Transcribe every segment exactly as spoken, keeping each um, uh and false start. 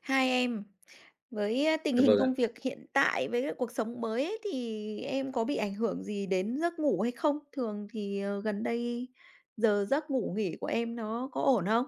Hi em. Với tình Dạ hình vâng ạ. công việc hiện tại với cuộc sống mới ấy thì em có bị ảnh hưởng gì đến giấc ngủ hay không? Thường thì, ờ, gần đây giờ giấc ngủ nghỉ của em nó có ổn không?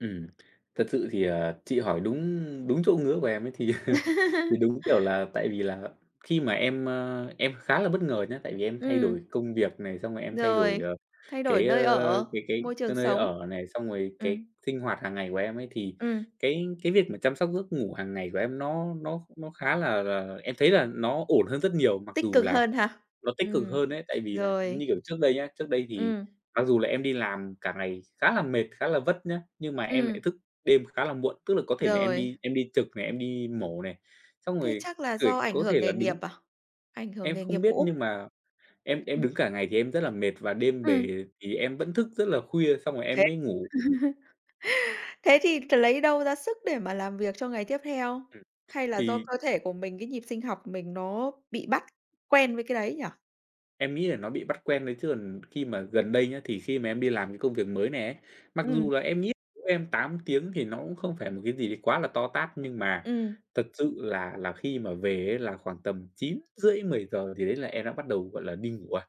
Ừm, thật sự thì, à, chị hỏi đúng đúng chỗ ngứa của em ấy, thì thì đúng, kiểu, là tại vì là khi mà em, ơ, em khá là bất ngờ nhé, tại vì em thay đổi Ừm. công việc này, xong rồi em thay đổi, Rồi, ờ, thay đổi cái, nơi ơ, ở, cái cái môi trường cái nơi sống. ở này, xong rồi cái Ừm. sinh hoạt hàng ngày của em ấy thì Ừm. cái cái việc mà chăm sóc giấc ngủ hàng ngày của em nó nó nó khá là là em thấy là nó ổn hơn rất nhiều, mặc Tích dù cực là hơn hả? nó tích cực Ừm, hơn ấy. Tại vì là, như rồi. kiểu, trước đây nhá, trước đây thì Ừm. mặc dù là em đi làm cả ngày khá là mệt, khá là vất nhé, nhưng mà em lại Ừm. thức đêm khá là muộn, tức là có thể là em Rồi. đi em đi trực này, em đi mổ này, xong Thế rồi chắc là cười do ảnh có hưởng thể là nghề nghiệp đứng. à? Ảnh hưởng Em nghề không nghiệp biết nhưng cũ. mà em em đứng Ừm. cả ngày thì em rất là mệt và đêm Ừm. bề thì em vẫn thức rất là khuya, xong rồi Thế em mới ngủ. thế thì lấy đâu ra sức để mà làm việc cho ngày tiếp theo? Ừ, Hay là do thì cơ thể của mình, cái nhịp sinh học của mình nó bị bắt quen với cái đấy nhỉ? Em nghĩ là nó bị bắt quen thôi chứ còn khi mà [unintelligible] gần đây nhá, thì khi mà em đi làm cái công việc mới này ấy, mặc dù Ừm. là em nghĩ em tám tiếng thì nó cũng không phải một cái gì đấy quá là to tát nhưng mà Ừm. thật sự là là khi mà về ấy là khoảng tầm chín rưỡi mười giờ gì đấy là em đã bắt đầu, gọi là, đi ngủ rồi.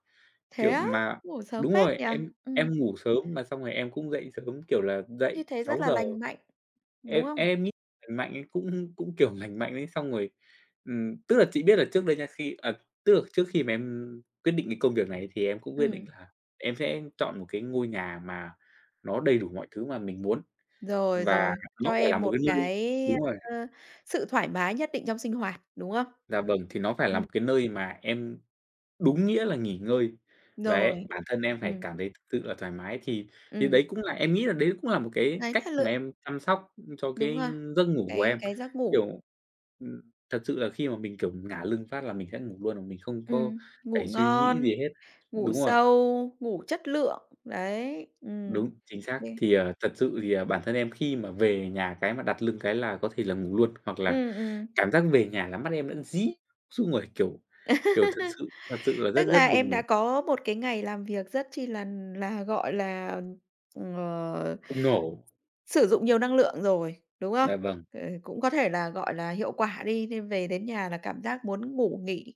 Thế Kiểu, á, mà ngủ sớm đúng phết rồi, nhỉ? em em Ừm. ngủ sớm mà xong rồi em cũng dậy sớm, kiểu, là dậy Như thế rất sáu là giờ. lành mạnh, đúng Em không? em nghĩ lành mạnh ấy cũng cũng, kiểu, lành mạnh ấy, xong rồi, ừm, tức là chị biết là trước đây nha khi ờ, tức là trước khi mà em quyết định cái công việc này thì em cũng quyết định Ừm. là em sẽ chọn một cái ngôi nhà mà nó đầy đủ mọi thứ mà mình muốn. Rồi, Và rồi, nó cho phải là em một một cái nơi cái, đúng rồi. ơ, sự thoải mái nhất định trong sinh hoạt, đúng không? Dạ vâng, thì nó phải là Ừm. một cái nơi mà em đúng nghĩa là nghỉ ngơi. Và em Rồi, bản thân em phải ừm. cảm thấy thực sự là thoải mái thì thì Ừm. đấy cũng là em nghĩ là đấy cũng là một cái Đấy cách là mà lựa em chăm sóc, ưm, cho cái Đúng rồi, giấc ngủ của cái em, cái giấc ngủ. kiểu, ừm, thật sự là khi mà mình, kiểu, ngả lưng phát là mình sẽ ngủ luôn, mà mình không có Ừm, ngủ phải suy nghĩ ngon, gì hết. ngủ Đúng rồi. sâu, ngủ chất lượng, đấy. Ừm. Đúng, chính xác. Kê. Thì, à, thật sự thì, à, bản thân em khi mà về nhà cái mà đặt lưng cái là có thể là ngủ luôn, hoặc là Ừm, ừm. cảm giác về nhà là mắt em đã díp xung rồi, kiểu, kiểu, thật sự, thật sự là rất, Tức rất là em buồn đã ngủ. có một cái ngày làm việc rất chi là là, gọi là, ờ, [unintelligible] sử dụng nhiều năng lượng rồi, đúng không? Dạ vâng. [unintelligible] Cũng có thể là, gọi là, hiệu quả đi nên về đến nhà là cảm giác muốn ngủ nghỉ.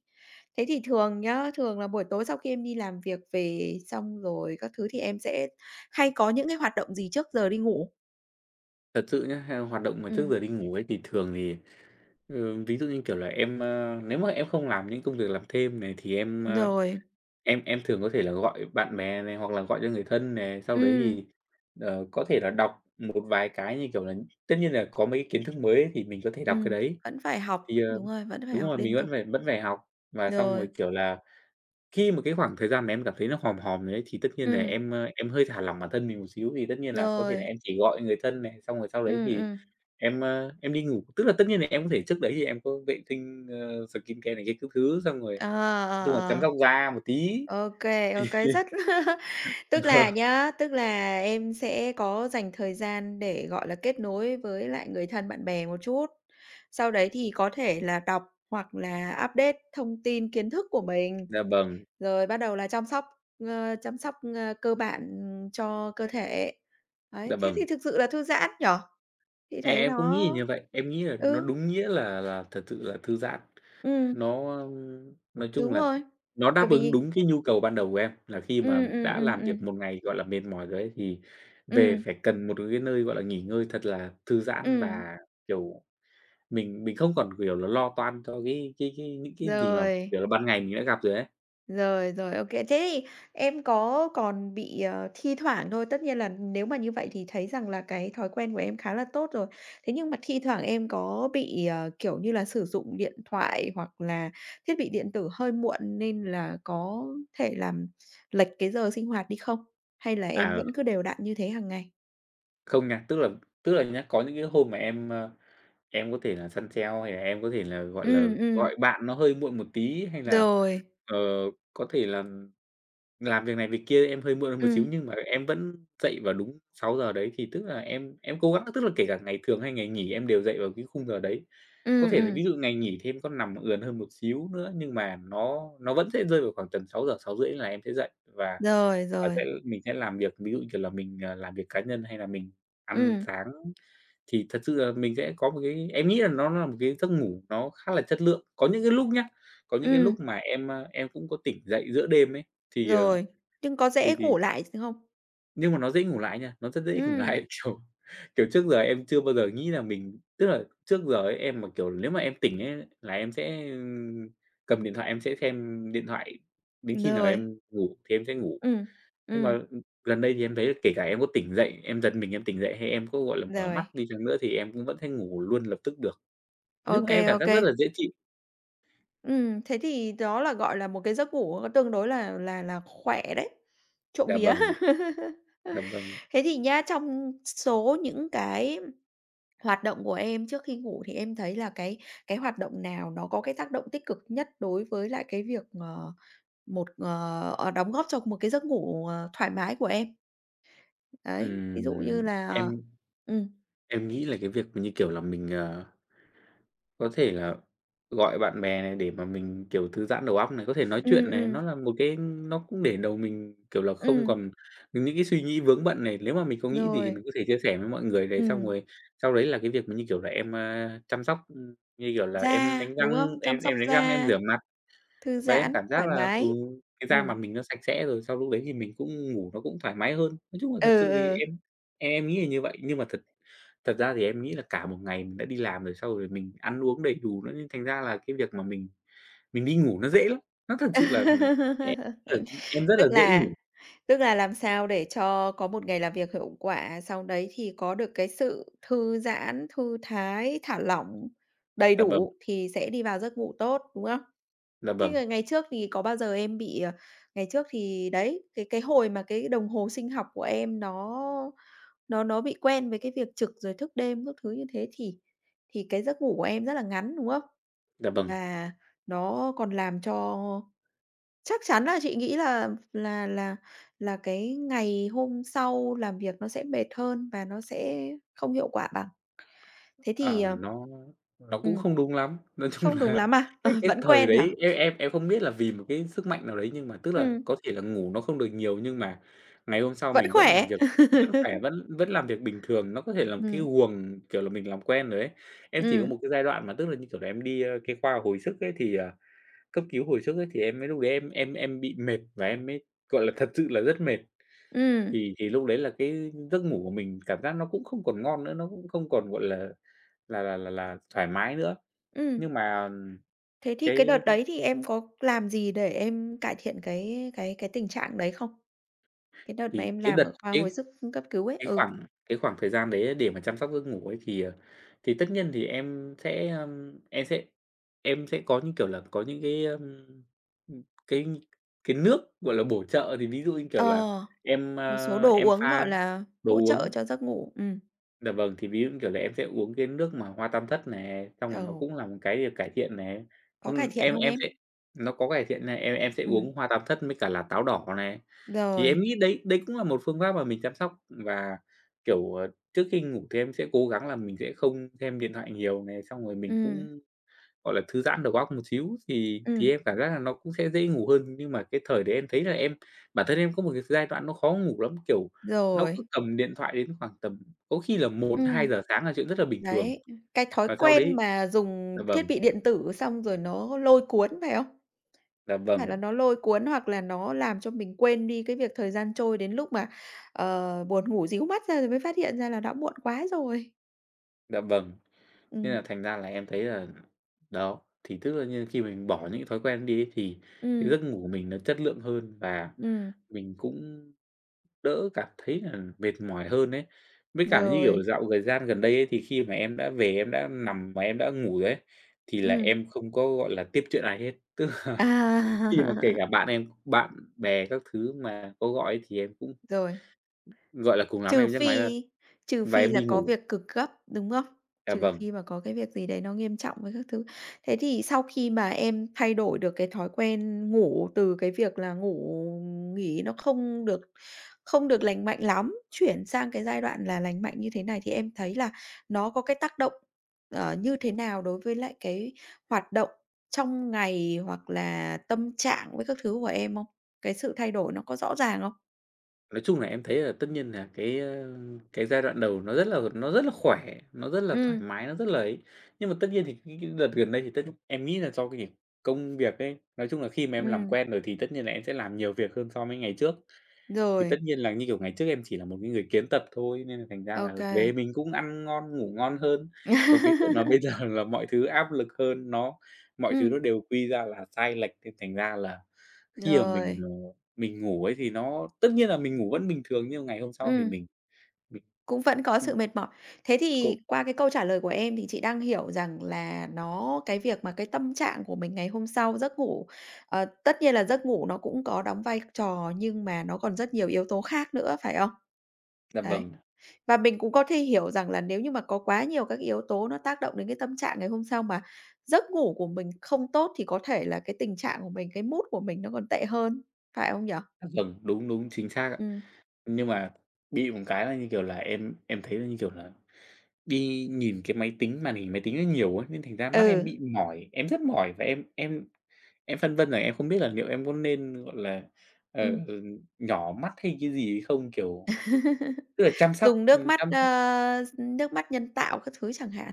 Thế thì thường nhá, thường là buổi tối sau khi em đi làm việc về xong rồi các thứ thì em sẽ hay có những cái hoạt động gì trước giờ đi ngủ? Thật sự nhá, theo hoạt động mà trước Ừm. giờ đi ngủ ấy, thì thường thì thường ví dụ như, kiểu là, em, ơ nếu mà em không làm những công việc làm thêm này thì em, ơ, Rồi. em em thường có thể là gọi bạn bè này hoặc là gọi cho người thân này, sau đấy Ừm. thì, ờ, có thể là đọc một vài cái như, kiểu là tất nhiên là có mấy cái kiến thức mới thì mình có thể đọc cái Ừm, đấy. vẫn phải học, Thì, ờ đúng rồi, vẫn phải đúng học rồi, mình liên vẫn tục. phải vẫn phải học và xong rồi, Rồi. kiểu là, khi mà cái khoảng thời gian mà em cảm thấy nó hòm hòm rồi ấy, thì tất nhiên là Ừm. em, ơ, em hơi thả lỏng bản thân mình một xíu thì tất nhiên là có thể là Rồi. em chỉ gọi người thân này, xong rồi sau đấy Ừm, thì ừm. em, ơ, em đi ngủ. Tức là tất nhiên là em có thể trước đấy thì em có vệ tinh, ờ, xờ kin ce này kia các thứ xong rồi Ờ, nói ờ, chung là chăm ờ. sóc da một tí. Ô kê, ô kê, rất tức là Vâng. nhá, tức là em sẽ có dành thời gian để, gọi là, kết nối với lại người thân bạn bè một chút. Sau đấy thì có thể là đọc hoặc là update thông tin kiến thức của mình, Dạ vâng. rồi bắt đầu là chăm sóc, ơ, chăm sóc, ơ, cơ bản, ừm, cho cơ thể. Dạ Đấy, thế thì vâng. thực sự là thư giãn, nhỉ? Chị Em thấy em cũng nghĩ nó là như vậy, em nghĩ là nó ừ. đúng nghĩa là là thật sự là thư giãn. Ừm. Nó nói chung Đúng là rồi, nó bởi đáp ứng vì đúng cái nhu cầu ban đầu của em, là khi mà Ừm, ừm, đã ừm, làm việc ừm. một ngày, gọi là, mệt mỏi rồi ấy, thì về Ừm. phải cần một cái nơi, gọi là, nghỉ ngơi thật là thư giãn Ừm. và, kiểu, mình mình không còn, kiểu là, lo toan cho cái cái cái những cái gì mà, Rồi. kiểu là, ban ngày mình đã gặp rồi ấy. Rồi, rồi, ô kê. Thế thì em có còn bị, ờ, thi thoảng thôi, tất nhiên là nếu mà như vậy thì thấy rằng là cái thói quen của em khá là tốt rồi. Thế nhưng mà thi thoảng em có bị, ờ, kiểu như là, sử dụng điện thoại hoặc là thiết bị điện tử hơi muộn nên là có thể làm lệch cái giờ sinh hoạt đi không? Hay là em Ờ. vẫn cứ đều đặn như thế hàng ngày? Không nha, tức là tức là nhá, có những cái hôm mà em, ơ, em có thể là săn sale hay là em có thể là, gọi là, Ừm, gọi ừm. bạn nó hơi muộn một tí hay là, Rồi. ờ, có thể là làm việc này việc kia em hơi muộn hơn một xíu, Ừm. nhưng mà em vẫn dậy vào đúng sáu giờ đấy, thì tức là em em cố gắng tức là kể cả ngày thường hay ngày nghỉ em đều dậy vào cái khung giờ đấy. Có Ừm, thể là ừm. ví dụ ngày nghỉ thì em có nằm ườn hơn một xíu nữa nhưng mà nó nó vẫn sẽ rơi vào khoảng tầm sáu giờ, sáu rưỡi là em sẽ dậy và Rồi, và sẽ rồi. mình sẽ làm việc. Ví dụ như, kiểu là, mình, à, làm việc cá nhân hay là mình ăn Ừm. sáng. Thì thật sự là mình sẽ có một cái em nghĩ là nó nó một cái giấc ngủ nó khá là chất lượng. Có những cái lúc nhá, có những cái lúc Ừm. mà em, a, em cũng có tỉnh dậy giữa đêm ấy, thì, ờ, Rồi, nhưng có thì dễ thì ngủ lại không? Nhưng mà nó dễ ngủ lại nha, nó rất dễ ngủ lại. Ừm. Kiểu, kiểu, trước giờ em chưa bao giờ nghĩ là mình tức là trước giờ ấy em mà, kiểu, nếu mà em tỉnh ấy là em sẽ, ừ, cầm điện thoại em sẽ xem, ưm, điện thoại đến khi nào Rồi. em ngủ thì em sẽ ngủ. Ừm, Nhưng mà, ừm. ừm, gần đây thì em thấy kể cả em có tỉnh dậy, em giật mình em tỉnh dậy hay em có, gọi là, mở mắt Rồi. đi chăng nữa thì em cũng vẫn thấy ngủ luôn lập tức được. Nói chung OK, là em cảm giác rất OK. là dễ chịu. Ừm, thế thì đó là, gọi là, một cái giấc ngủ tương đối là là là khỏe đấy, trộm Dạ vía. vâng. Dạ vâng. Thế thì nhá, trong s số những cái hoạt động của em trước khi ngủ thì em thấy là cái cái hoạt động nào nó có cái tác động tích cực nhất đối với lại cái việc, ờ, một ờ, ờ, đóng góp cho một cái giấc ngủ, ờ, thoải mái của em? Đấy, ví dụ Ừm, như là, ờ em ừm. em nghĩ là cái việc, như kiểu là, mình, ờ, có thể là gọi bạn bè này để mà mình, kiểu, thư giãn đầu óc này, có thể nói Ừm, chuyện này, nó ừm. là một cái nó cũng để đầu mình, kiểu là, không Ừm. còn những cái suy nghĩ vướng bận này. Nếu mà mình có nghĩ gì thì Rồi. mình có thể chia sẻ với mọi người này, xong Ừm. rồi sau đấy là cái việc mà, như kiểu là, em, a, chăm sóc như kiểu là, em Da, đánh đúng răng, không? Chăm em sóc em đánh răng, em da. rửa mặt. Thư Và em giãn, cảm giác thoải là, ừ, mái. cái da mặt Ừm. mình nó sạch sẽ rồi, sau lúc đấy thì mình cũng ngủ nó cũng thoải mái hơn. Nói chung là Ừ, thật sự thì ừ. em em em nghĩ là như vậy, nhưng mà thật thật ra thì em nghĩ là cả một ngày mình đã đi làm rồi, sau rồi mình ăn uống đầy đủ nữa, thành ra là cái việc mà mình mình đi ngủ nó dễ lắm. Nó thật sự là, ừm, em tần, ư, em rất Tức là dễ là ngủ. tức là làm sao để cho có một ngày làm việc hiệu quả, sau đấy thì có được cái sự thư giãn, thư thái, thả lỏng, đầy Dạ vâng. đủ thì sẽ đi vào giấc ngủ tốt, đúng không? Dạ Thế vâng. là ngày trước thì có bao giờ em bị, ờ ngày trước thì, đấy, cái cái hồi mà cái đồng hồ sinh học của em nó nó nó bị quen với cái việc trực, rồi thức đêm các thứ như thế, thì thì cái giấc ngủ của em rất là ngắn, đúng không? Dạ vâng. Và nó còn làm cho chắc chắn là chị nghĩ là là là là cái ngày hôm sau làm việc nó sẽ mệt hơn và nó sẽ không hiệu quả bằng. Thế thì, Ờ, ờ nó nó cũng ừm. không đúng lắm. Nói chung Không đúng là, lắm à? Ờ, cái cái, vẫn thời quen hả? đấy em em em không biết là vì một cái sức mạnh nào đấy nhưng mà tức là Ừm. có thể là ngủ nó không được nhiều, nhưng mà ngày hôm sau Vẫn mình vẫn làm khỏe. việc, vẫn khỏe, vẫn vẫn làm việc bình thường. Nó có thể là một cái Ừm. guồng, kiểu là, mình làm quen rồi ấy. Em chỉ có Ừm. một cái giai đoạn mà tức là, như kiểu là, em đi, ơ, cái, khoa hồi sức ấy thì, ờ cấp cứu hồi sức ấy, thì em mới lúc đấy em em em bị mệt, và em mới, gọi là, thật sự là rất mệt. Ừm. Thì thì lúc đấy là cái giấc ngủ của mình, cảm giác nó cũng không còn ngon nữa, nó cũng không còn, gọi là là là là là thoải mái nữa. Ừm. Nhưng mà, Thế thì cái đợt cái, ư đấy thì em có làm gì để em cải thiện cái cái cái tình trạng đấy không? Cái đợt mà Thì em cái làm đợt ở khoa hồi cái sức cấp cứu ấy, cái ừ. khoảng cái khoảng thời gian đấy để mà chăm sóc giấc ngủ ấy thì, ờ, thì tất nhiên thì em sẽ, ơm, em sẽ em sẽ có, như kiểu là, có những cái, ơm, ưm, cái cái nước, gọi là, bổ trợ. Thì ví dụ, như kiểu là, Ờ, em, một số ờ, đồ em uống, pha gọi là, đồ hỗ trợ uống. cho giấc ngủ, ừm. Dạ vâng, thì ví dụ, như kiểu là, em sẽ uống cái nước mà hoa tam thất này, xong rồi nó Ừ. cũng là một cái để cải thiện nè. Có cải Ừm, thiện em hông em sẽ em? nó có cải thiện nè, em em sẽ Ừm. uống hoa tam thất với cả là táo đỏ này. Thì em Rồi. nghĩ đấy đấy cũng là một phương pháp mà mình chăm sóc và, kiểu, ờ, trước khi ngủ thì em sẽ cố gắng là mình sẽ không xem điện thoại nhiều này, xong rồi mình Ừm. cũng, gọi là, thư giãn đầu óc một xíu thì thì Ừm. em cảm giác là nó cũng sẽ dễ ngủ hơn. Nhưng mà cái thời đấy em thấy là em, bản thân em có một cái giai đoạn nó khó ngủ lắm, kiểu, nó cứ Rồi. cầm điện thoại đến khoảng tầm, có khi là một hai Ừm. giờ sáng là chuyện rất là bình thường. Đấy, ừm, cái thói Và sau quen đấy mà dạ dùng thiết vâng. bị điện tử xong rồi nó lôi cuốn, phải không? Dạ Phải vâng. là nó lôi cuốn, hoặc là nó làm cho mình quên đi cái việc thời gian trôi đến lúc mà, ờ, buồn ngủ ríu mắt ra rồi mới phát hiện ra là đã muộn quá rồi. Dạ vâng. Thế Ừm. là thành ra là em thấy là đó, thì tức là như khi mình bỏ những cái thói quen ấy đi ấy thì cái Ừm. giấc ngủ của mình nó chất lượng hơn và Ừm. mình cũng đỡ cảm thấy là mệt mỏi hơn ấy. Với cả, như kiểu, Rồi. dạo gời gian gần đây ấy thì khi mà em đã về em đã nằm mà em đã ngủ rồi ấy, thì là Ừm. em không có, gọi là, tiếp chuyện ai hết. Tức là khi mà kể À! cả bạn em, bạn bè các thứ mà có gọi thì em cũng Rồi. gọi là, cùng lắm Trừ em nhấc máy là phi trừ và phi em là đi có ngủ. việc cực gấp, đúng không? Dạ Trừ vâng. phi mà có cái việc gì đấy nó nghiêm trọng với các thứ. Thế thì sau khi mà em thay đổi được cái thói quen ngủ từ cái việc là ngủ nghỉ nó không được không được lành mạnh lắm, chuyển sang cái giai đoạn là lành mạnh như thế này thì em thấy là nó có cái tác động, ờ, như thế nào đối với lại cái hoạt động trong ngày, hoặc là tâm trạng với các thứ của em không? Cái sự thay đổi nó có rõ ràng không? Nói chung là em thấy là tất nhiên là, cái, ơ, cái giai đoạn đầu nó rất là, nó rất là khỏe, nó rất là thoải Ừm. mái, nó rất là ấy. Nhưng mà tất nhiên thì những cái đợt gần đây thì tất em nghĩ là do cái [unintelligible] công việc ấy, nói chung là khi mà em làm Ừm. quen rồi thì tất nhiên là em sẽ làm nhiều việc hơn so mới ngày trước. Thì tất Rồi. nhiên là, như kiểu, ngày trước em chỉ là một cái người kiến tập thôi nên là thành ra Ô là về kê. mình cũng ăn ngon, ngủ ngon hơn. Còn cái chuyện là bây giờ là mọi thứ áp lực hơn, nó mọi thứ nó Ừm. đều quy ra là sai lệch, nên thành ra là khi mà mình, Rồi. ờ, mình ngủ ấy thì nó tất nhiên là mình ngủ vẫn bình thường nhưng ngày hôm sau thì Ừm. mình mình Cũng vẫn có sự mệt mỏi. Thế thì [unintelligible] qua cái câu trả lời của em thì chị đang hiểu rằng là nó cái việc mà cái tâm trạng của mình ngày hôm sau, giấc ngủ ờ, tất nhiên là giấc ngủ nó cũng có đóng vai trò, nhưng mà nó còn rất nhiều yếu tố khác nữa, phải không? Dạ, Đấy. vầng. Và mình cũng có thể hiểu rằng là nếu như mà có quá nhiều các cái yếu tố nó tác động đến cái tâm trạng ngày hôm sau, mà giấc ngủ của mình không tốt thì có thể là cái tình trạng của mình, cái mood của mình nó còn tệ hơn, phải không nhỉ? À, vầng, đúng, đúng, chính xác ạ. Ừm. Nhưng mà bị một cái là, như kiểu là, em em thấy nó, như kiểu là, đi nhìn cái máy tính màn hình máy tính nó nhiều ấy, nên thành ra mắt em Ừ. bị mỏi. Em rất mỏi và em em em phân vân là em không biết là liệu em có nên, gọi là, ờ, Ừm. ừm, nhỏ mắt hay cái gì ấy không? Kiểu, tức là chăm sóc Dùng nước ừm, mắt, chăm sóc ơ, nước mắt nhân tạo các thứ chẳng hạn.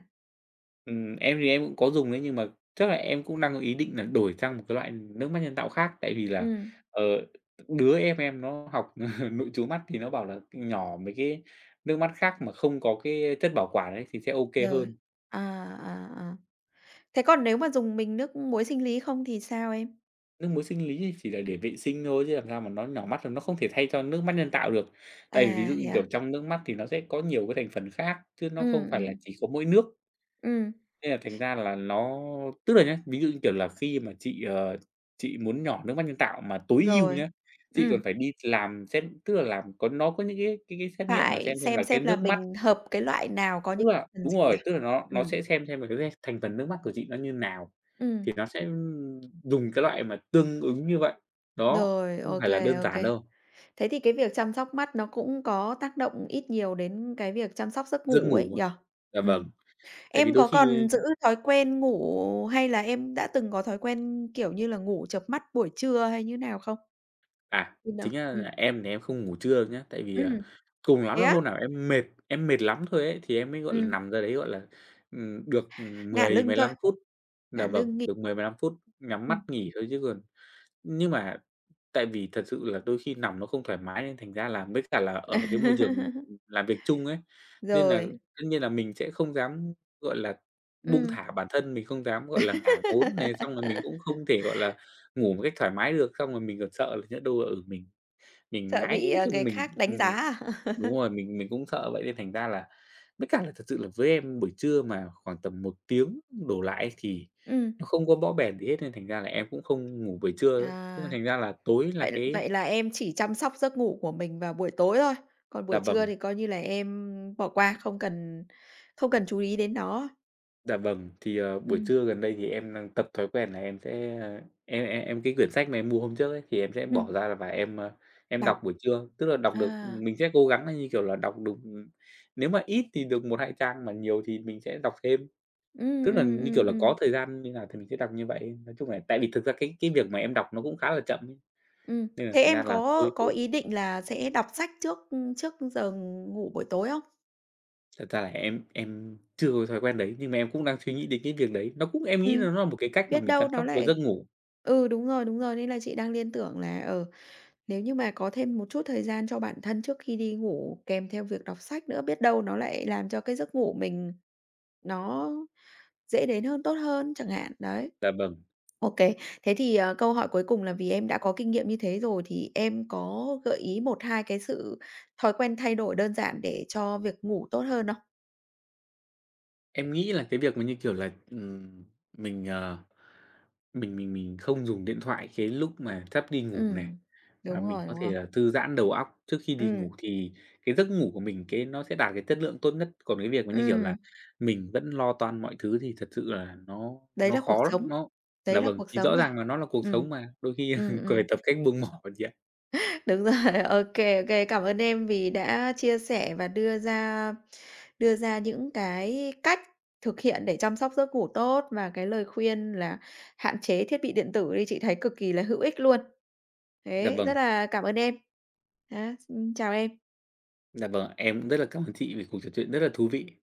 Ừm, em thì em cũng có dùng đấy nhưng mà chắc là em cũng đang có ý định là đổi sang một cái loại nước mắt nhân tạo khác. Tại vì là, Ừm. ờ, đứa em em nó học nội trú mắt thì nó bảo là nhỏ mấy cái nước mắt khác mà không có cái chất bảo quản ấy thì sẽ ô kê Rồi, hơn. à, à, à. Thế còn nếu mà dùng mình nước muối sinh lý không thì sao em? Nước muối sinh lý chỉ là để vệ sinh thôi chứ làm sao mà nó nhỏ mắt, nó không thể thay cho nước mắt nhân tạo được. Tại vì ví À, dụ thế như, à? kiểu, trong nước mắt thì nó sẽ có nhiều cái thành phần khác chứ nó không Ừm, phải là ừm. chỉ có mỗi nước. Ừm. Thế là thành ra là nó tức là nhá, ví dụ như, kiểu là, khi mà chị, ờ, chị muốn nhỏ nước mắt nhân tạo mà tối ưu Rồi, nhá, chị còn ừm. phải đi làm xét tức là làm có nó có những cái cái cái xét nghiệm mà Phải xem xem xem là cái xem là nước mắt mình hợp cái loại nào có tức những là phần đúng gì rồi, à? tức là nó nó Ừm. sẽ xem xem là cái [unintelligible] thành phần nước mắt của chị nó như nào. Thì Ừm. nó sẽ, ưm, dùng cái loại mà tương ứng như vậy. Đó, Rồi, [unintelligible] không ô phải là kê, đơn ô giản kê. đâu. Thế thì cái việc chăm sóc mắt nó cũng có tác động ít nhiều đến cái việc chăm sóc giấc Giấc ngủ ấy ngủ nhỉ? hả? Dạ Ừm, vâng, tại vì em đôi có khi, còn giữ ơ thói quen ngủ hay là em đã từng có thói quen, kiểu như là, ngủ chợp mắt buổi trưa hay như thế nào không? À, chính [unintelligible] ra ừm. là em thì em không ngủ trưa nhá, tại vì, ờ, Ừm, cùng lắm thế là á? hôm nào em mệt em mệt lắm thôi ấy, thì em mới, gọi là, Ừm. nằm ra đấy, gọi là, ừm, được, ừm, Ngả mười lưng mười thôi, lăm phút dạ ngả vâng, lưng nghi được mười mười lăm phút, nhắm mắt ừm. nghỉ thôi chứ còn nhưng mà tại vì thật sự là đôi khi nằm nó không thoải mái nên thành ra là với cả là ở cái môi trường làm việc chung ấy, nên là Rồi. tất nhiên là mình sẽ không dám, gọi là, buông Ừm. thả bản thân, mình không dám, gọi là, ngả ngốn này, xong rồi mình cũng không thể, gọi là, ngủ một cách thoải mái được. Xong rồi mình còn sợ nhỡ đâu là, ừ, mình mình Sợ ngáy bị, ờ, xong người mình khác đánh ừm, giá à? đúng rồi, mình mình cũng sợ vậy nên thành ra là với cả là thật sự là với em buổi trưa mà khoảng tầm một tiếng đổ lại thì Ừm. nó không có bõ bèn gì hết nên thành ra là em cũng không ngủ buổi trưa, thế À, thành ra là tối là vậy cái vậy là em chỉ chăm sóc giấc ngủ của mình vào buổi tối thôi, còn Dạ buổi trưa vâng. thì coi như là em bỏ qua, không cần không cần chú ý đến nó. Dạ vâng, thì, ờ, buổi Ừm. trưa gần đây thì em đang tập thói quen là em sẽ em em em cái quyển sách mà em mua hôm trước ấy, thì em sẽ bỏ Ừm. ra và em, ơ, em Đọc. đọc buổi trưa, tức là đọc được À. mình sẽ cố gắng nó, như kiểu là, đọc được, ừm nếu mà ít thì được một, hai trang, mà nhiều thì mình sẽ đọc thêm. Ừm, Tức là, ừm, như kiểu ừm, là, ừm. có thời gian như nào thì mình sẽ đọc như vậy ấy. Nói chung là tại vì thực ra cái cái việc mà em đọc nó cũng khá là chậm ấy, Ừm, nên là thế thành ra em là có thôi cố. có ý định là sẽ đọc sách trước, ưm, trước giờ ngủ buổi tối không? Thật ra là em em chưa có cái thói quen đấy, nhưng mà em cũng đang suy Ừm. nghĩ đến cái việc đấy. Nó cũng em nghĩ là Ừm, nó là một cái cách mà biết mình chăm đâu nó sóc cho lại giấc ngủ. ừ, đúng rồi, đúng rồi, nên là chị đang liên tưởng là, ờ, nếu như mà có thêm một chút thời gian cho bản thân trước khi đi ngủ, kèm theo việc đọc sách nữa, biết đâu nó lại làm cho cái giấc ngủ mình nó dễ đến hơn, tốt hơn chẳng hạn, đấy. Dạ vâng. Ô kê. Thế thì, ờ, câu hỏi cuối cùng là vì em đã có kinh nghiệm như thế rồi, thì em có gợi ý một, hai cái sự thói quen thay đổi đơn giản để cho việc ngủ tốt hơn không? Em nghĩ là cái việc mà, như kiểu là, ừm, mình, ờ, mình mình mình không dùng điện thoại cái lúc mà sắp đi ngủ này, Ừm, và đúng mình rồi, có đúng thể rồi. là thư giãn đầu óc trước khi đi Ừm. ngủ thì cái giấc ngủ của mình cái nó sẽ đạt cái chất lượng tốt nhất. Còn cái việc mà, như kiểu là, Ừm. mình vẫn lo toan mọi thứ thì thật sự là nó Đấy nó là cuộc khó lắm, sống nó đấy dạ là vâng, cuộc thì sống rõ rồi. ràng là nó là cuộc Ừm, sống mà, đôi khi ừm, ừm. cười, tập cách buông mỏ chị ạ. Đúng rồi, ô kê, ô kê, cảm ơn em vì đã chia sẻ và đưa ra đưa ra những cái cách thực hiện để chăm sóc giấc ngủ tốt, và cái lời khuyên là hạn chế thiết bị điện tử đi, chị thấy cực kỳ là hữu ích luôn. Dạ Thế, vâng. rất là cảm ơn em. Nhá, s chào em. Dạ vâng ạ, em cũng rất là cảm ơn chị vì cuộc trò chuyện rất là thú vị.